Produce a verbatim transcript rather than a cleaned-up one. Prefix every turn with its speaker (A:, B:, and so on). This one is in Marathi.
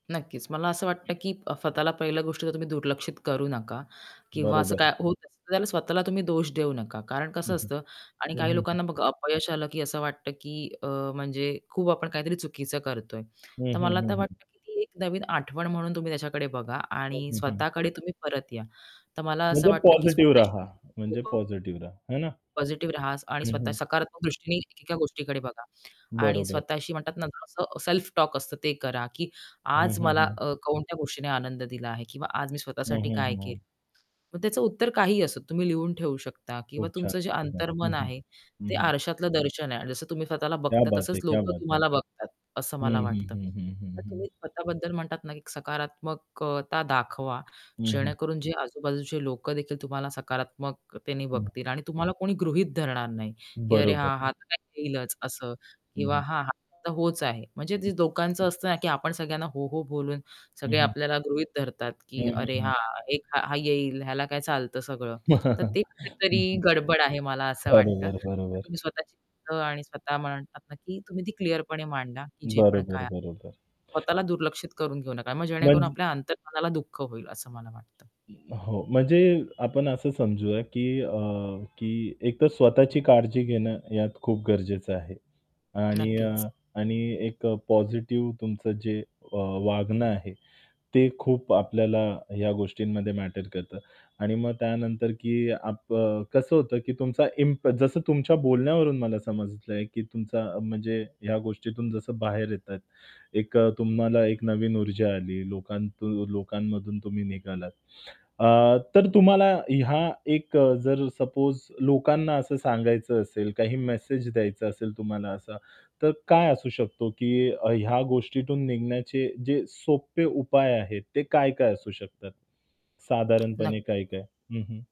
A: नक्कीच, मला असं वाटतं की स्वतःला पहिलं गोष्ट जर तुम्ही दुर्लक्षित करू नका किंवा असं
B: बरोबर.
A: काय होत असतं तर त्याला स्वतःला तुम्ही दोष देऊ नका. कारण
B: हं,
A: कसं
B: हं.
A: असतं आणि
B: हं,
A: काही
B: हं, हं.
A: लोकांना बघा अपयश आलं की असं वाटतं, की अ, म्हणजे खूप आपण काहीतरी चुकीचं करतोय.
B: हं,
A: तर
B: हं,
A: मला तर
B: हं, हं.
A: वाटतं की ती एक नवीन आठवण म्हणून तुम्ही त्याच्याकडे बघा
B: हं,
A: आणि
B: हं, हं.
A: स्वतःकडे तुम्ही परत या. तर मला असं
B: म्हणजे
A: वाटतं की
B: पॉझिटिव्ह
A: स्वतःशी
B: राहा म्हणजे
A: [unintelligible]
B: पॉझिटिव्ह रहा है ना?
A: पॉझिटिव्ह राहा आणि
B: हं,
A: स्वतः
B: हं.
A: सकारात्मक दृष्टीने एकेका गोष्टीकडे बघा आणि
B: बरोबर.
A: स्वतःशी म्हणतात ना असं सेल्फ टॉक असतं, ते करा की
B: हं,
A: आज
B: हं,
A: मला
B: हं.
A: अ, कोणत्या गोष्टीने आनंद दिला आहे किंवा आज मी
B: हं,
A: स्वतःसाठी
B: हं.
A: काय
B: हं,
A: केल.
B: हं.
A: मग त्याचं उत्तर काहीही असोत तुम्ही लिहून ठेवू शकता किंवा
B: खूप छान,
A: तुमचं जे
B: खूप छान.
A: अंतर्मन
B: हं, हं.
A: आहे
B: हं,
A: ते
B: हं.
A: आरशातलं दर्शन आहे आणि जसं तुम्ही स्वतःला
B: क्या
A: बघता
B: बात
A: तसंच
B: है! क्या
A: लोक
B: बात है.
A: तुम्हाला बघतात असं मला
B: हं, हं,
A: वाटतं.
B: हं, हं, हं,
A: तर तुम्ही
B: हं.
A: स्वतःबद्दल म्हणतात ना की सकारात्मक अ, ...ता दाखवा
B: हं, हं.
A: जेणेकरून, जे आजूबाजूचे लोक देखील तुम्हाला सकारात्मकतेने
B: हं.
A: बघतील आणि तुम्हाला कोणी गृहीत धरणार नाही. की अरे,
B: बरोबर.
A: हां हा तर काय येईलच असं
B: हं,
A: किंवा
B: हं.
A: हां, हा तर होच आहे. म्हणजे ते दोकांच असतं ना की आपण सगळ्यांना हो, हो बोलून
B: हं,
A: सगळे
B: हं.
A: आपल्याला गृहीत धरतात,
B: हं,
A: की
B: हं,
A: "अरे,
B: हं.
A: हा एक हा हा येईल ह्याला काय चालतं सगळं." तर ते कुठेतरी
B: हं, हं.
A: गडबड आहे मला असं वाटतं.
B: बरोबर,
A: तर
B: बरोबर.
A: तुम्ही स्वतःची आणि स्वतः म्हणतात ना की तुम्ही ती क्लिअरपणे मांडा की जे पण काय
B: बरोबर,
A: आहे.
B: बरोबर.
A: स्वतःला दुर्लक्षित करून घेऊ नका. मग जेणेकरून
B: म्हणजे
A: आपल्या अंतर्मनाला दुःख होईल असं मला वाटतं.
B: अ, हो म्हणजे आपण असं समजूया की अ, की एकतर स्वतःची काळजी घेणं यात खूप गरजेचं आहे आणि
A: नक्कीच.
B: अ, आणि एक पॉझिटिव्ह तुमचं जे अ, वागणं आहे, ते खूप आपल्याला ह्या गोष्टींमध्ये मॅटर करतं आणि मग त्यानंतर की आप अ, कसं होतं की तुमचा इम्प जसं तुमच्या बोलण्यावरून मला समजलं आहे, की तुमचा म्हणजे ह्या गोष्टीतून जसं बाहेर येतात, एक तुम्हाला एक नवीन ऊर्जा आली. लोकांत लोकांमधून तुम्ही निघालात. अ, तर तुम्हाला हा एक जर सपोज लोकांना असं सांगायचं असेल, काही मेसेज द्यायचा असेल तुम्हाला असा तर काय असू शकतो, की ह्या गोष्टीतून निघण्याचे जे सोपे उपाय आहेत, ते काय-काय असू शकतात. साधारणपणे
A: नक्की.
B: काय-काय? हं, हं.